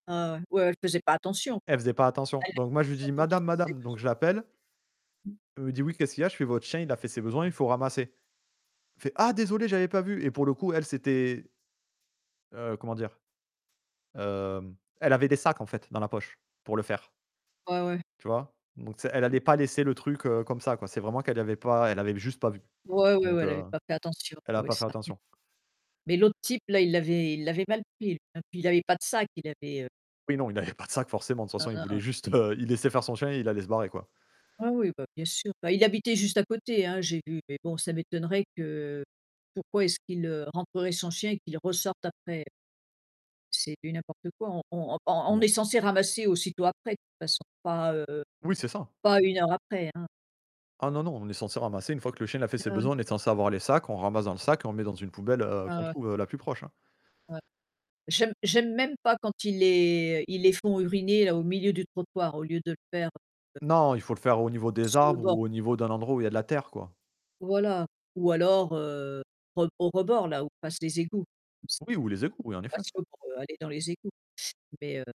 [unintelligible] Elle faisait pas attention, quoi. Elle faisait pas attention, donc moi, je Elle est lui dis: surtout qu'elle «Madame fasse ses madame», donc besoin je l'appelle. Elle me dit: «Oui, qu'est-ce qu'il y a?» «Votre chien? il a fait ses besoins, faut ramasser.» elle fait: «Ah désolé, j'avais pas vu», et pour le coup, elle s'était heu, comment dire? Heu, elle avait des sacs en fait dans la poche pour le faire Ouais, ouais. tu vois? Donc elle allait pas laisser le truc comme ça, quoi. C'est vraiment qu'elle avait pas elle avait juste pas vu, Ouais, ouais, ouais donc elle avait heu, pas fait attention elle a oui pas fait [unintelligible] attention. Mais l'autre type là, il l'avait il l'avait mal pris et puis il avait pas de sac, il avait, heu Oui, non, il avait pas de sac, forcément, de toute façon, il voulait [unintelligible] juste, heu, il laissait faire son chien. Il allait se barrer, quoi. Ouais, ouais bah, bien sûr, bah, il habitait juste à côté, hein, j'ai vu, mais bon ça m'étonnerait que pourquoi est-ce qu'il rentrerait son chien et qu'il ressorte après? C'est du n'importe quoi. On on on Non. est censé ramasser aussitôt après, façon pas, heu, Oui, c'est ça. pas 1 heure après, hein. Ah non, non, on est censé ramasser une fois que le chien il a fait ses [unintelligible] besoins, on est censé avoir les sacs. On ramasse dans le sac, et on met dans une poubelle qu'on Ah ouais. trouve la plus proche. Ouais. J'aime j'aime même pas quand il est, heu, il les font uriner là au milieu du trottoir au lieu de le faire, heu Non, il faut le faire au niveau des sur le arbres, bord. ou au niveau d'un endroit où il y a de la terre, quoi. Voilà, ou alors, heu, au au rebord là où passent les égouts comme ça. Oui, ou les égouts, oui, en effet. [unintelligible] Pas pour aller dans les égouts, mais heu